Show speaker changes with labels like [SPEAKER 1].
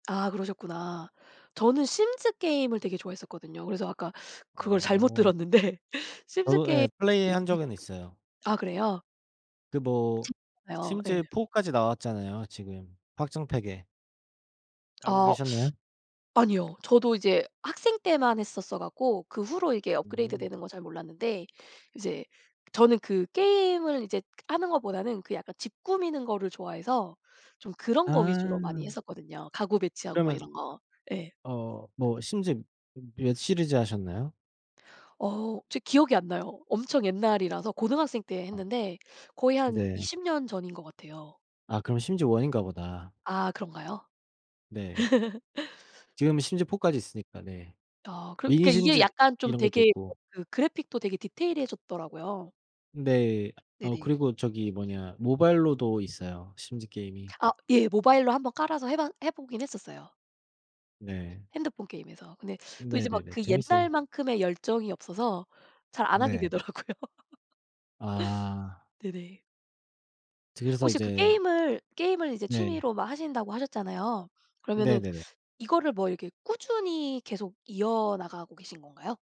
[SPEAKER 1] 아 그러셨구나. 저는 심즈 게임을 되게 좋아했었거든요. 그래서 아까 그걸 잘못
[SPEAKER 2] 어.
[SPEAKER 1] 들었는데. 심즈
[SPEAKER 2] 저도
[SPEAKER 1] 게임
[SPEAKER 2] 예 플레이한 적은
[SPEAKER 1] [unintelligible]
[SPEAKER 2] 있어요.
[SPEAKER 1] 아 그래요?
[SPEAKER 2] 그 뭐
[SPEAKER 1] 재밌잖아요.
[SPEAKER 2] 심즈에
[SPEAKER 1] 예.
[SPEAKER 2] 4까지 나왔잖아요 지금 확장팩에. 알고
[SPEAKER 1] 아.
[SPEAKER 2] 계셨나요?
[SPEAKER 1] 아니요. 저도 이제 학생 때만 했었어 갖고 그 후로 이게
[SPEAKER 2] 음.
[SPEAKER 1] 업그레이드되는 거 잘 몰랐는데 이제 저는 그 게임을 이제 그 하는 것보다는 그 약간 집 꾸미는 거를 좋아해서 좀 그런 거 위주로 많이
[SPEAKER 2] 아.
[SPEAKER 1] 했었거든요. 가구 배치하고 막
[SPEAKER 2] 그러면
[SPEAKER 1] 이런 거. 예.
[SPEAKER 2] 어 뭐 심즈 몇 시리즈 하셨나요?
[SPEAKER 1] 어 저 기억이 안 나요. 엄청 옛날이라서 고등학생 때
[SPEAKER 2] 아.
[SPEAKER 1] 했는데 거의 한
[SPEAKER 2] 네.
[SPEAKER 1] 20 년 전인 것 같아요.
[SPEAKER 2] 아 그럼 심즈 1인가 보다.
[SPEAKER 1] 아 그런가요?
[SPEAKER 2] 네. 지금은 심즈 4까지 있으니까. 네.
[SPEAKER 1] 아 그럼
[SPEAKER 2] 미니
[SPEAKER 1] 그러니까 이게
[SPEAKER 2] 심즈
[SPEAKER 1] 약간 좀
[SPEAKER 2] 이런 것도
[SPEAKER 1] 되게 어
[SPEAKER 2] 있고.
[SPEAKER 1] 그 그래픽도 되게 디테일해졌더라고요.
[SPEAKER 2] 네. 아
[SPEAKER 1] 네네.
[SPEAKER 2] 그리고 저기 뭐냐 모바일로도 있어요 심즈 게임이.
[SPEAKER 1] 아 예. 모바일로 한번 깔아서 해 봐 해 보긴 했었어요.
[SPEAKER 2] 네.
[SPEAKER 1] 핸드폰 게임에서. 근데 또 이제 막
[SPEAKER 2] 네네네.
[SPEAKER 1] 그
[SPEAKER 2] 재밌어요.
[SPEAKER 1] 옛날만큼의 열정이 없어서 잘 안 하게
[SPEAKER 2] 네.
[SPEAKER 1] 되더라고요.
[SPEAKER 2] 아.
[SPEAKER 1] 네네.
[SPEAKER 2] 그래서
[SPEAKER 1] 혹시 그
[SPEAKER 2] 이제
[SPEAKER 1] 게임을 게임을 이제
[SPEAKER 2] 네.
[SPEAKER 1] 취미로 막 하신다고 하셨잖아요. 그러면은
[SPEAKER 2] 네네네.
[SPEAKER 1] 이거를 뭐 이렇게 꾸준히 계속 이어나가고 계신 건가요?